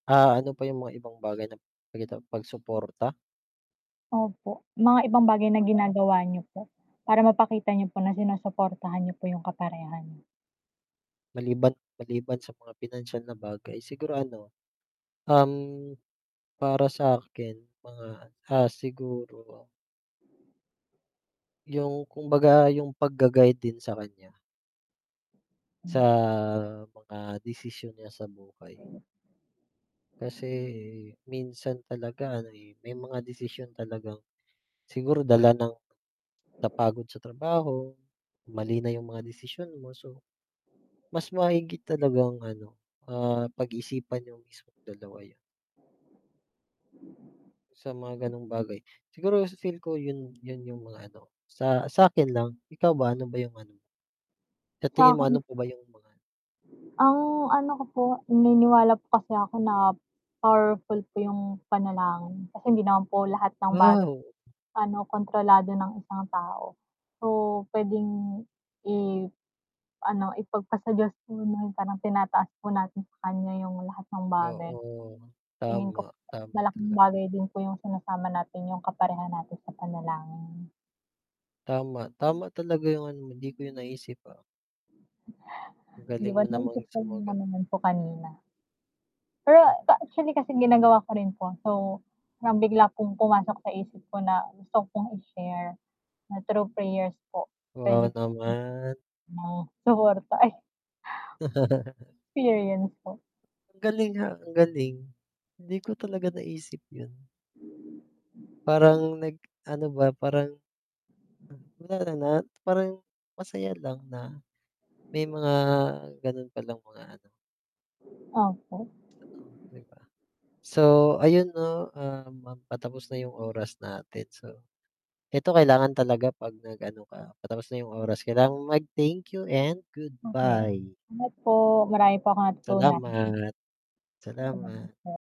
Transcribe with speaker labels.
Speaker 1: Ah, ano pa yung mga ibang bagay na, [unintelligible] tawag dito pagsuporta?
Speaker 2: Opo, mga ibang bagay na ginagawa niyo po para mapakita niyo po na sinusuportahan niyo po yung kaperaha nyo.
Speaker 1: Maliban maliban sa mga pinansiyal na bagay siguro ano, um, para sakin mga, ah, siguro. Yung kumbaga yung pag-ga-guide din sa kanya. Sa
Speaker 2: Hmm.
Speaker 1: mga desisyon niya sa buhay. Kasi minsan talaga ano, eh, may mga desisyon talagang siguro dala ng napagod sa trabaho, mali na yung mga desisyon mo so, mas mahigit talagang ano, ah, pag-isipan niyo mismong dalawa 'yun. Sa mga ganong bagay, siguro f feel ko 'yun 'yun yung mga ano sa sa'kin lang, ikaw ba ano ba yung ano mo? Sa tingin mo,
Speaker 2: Sakin
Speaker 1: ano pa ba yung mga
Speaker 2: Ang ano ko po, naniniwala po kasi ako na powerful po yung panalangin, kasi hindi naman po lahat ng bagay
Speaker 1: Wow!
Speaker 2: ano, kontrolado ng isang tao, so pwedeng iano, ipagpa sa diyos muna parang tinataas po natin sa kanya yung lahat ng bagay.
Speaker 1: Oo,
Speaker 2: Tingin ko
Speaker 1: tama, tama talaga.
Speaker 2: malaking bagay din po yung sinasama natin yung kaparehan natin sa panalangin.
Speaker 1: Tama, tama talaga yung ano mo, 'di ko yun naisip, ah. Ang
Speaker 2: 'Di
Speaker 1: galing
Speaker 2: ba
Speaker 1: mo namang
Speaker 2: naisip ko na
Speaker 1: sumagot.
Speaker 2: naman 'yun po kanina. Pero
Speaker 1: Oh.
Speaker 2: actually kasi ginagawa ko rin po, so parang bigla kong pumasok sa isip ko na gusto kong i-share na true prayers po. Pwede
Speaker 1: Wow naman.
Speaker 2: [unintelligible] suporta ay, experience po.
Speaker 1: Galing nga, ang galing, hindi ko talaga naisip 'yun. Parang nag-ano ba, parang Wala na, parang masaya lang na may mga ganun pa lang mga ano.
Speaker 2: Opo.
Speaker 1: [unintelligible] 'Di ba. So, ayun 'no, um patapos na yung oras natin, so eto kailangan talaga pag nag-ano ka, patapos na yung oras, kailangan mo mag thank you and
Speaker 2: Okay,
Speaker 1: goodbye.
Speaker 2: ingat po. Marami po akong natutunan.
Speaker 1: Salamat,
Speaker 2: Salamat
Speaker 1: salamat.
Speaker 2: po.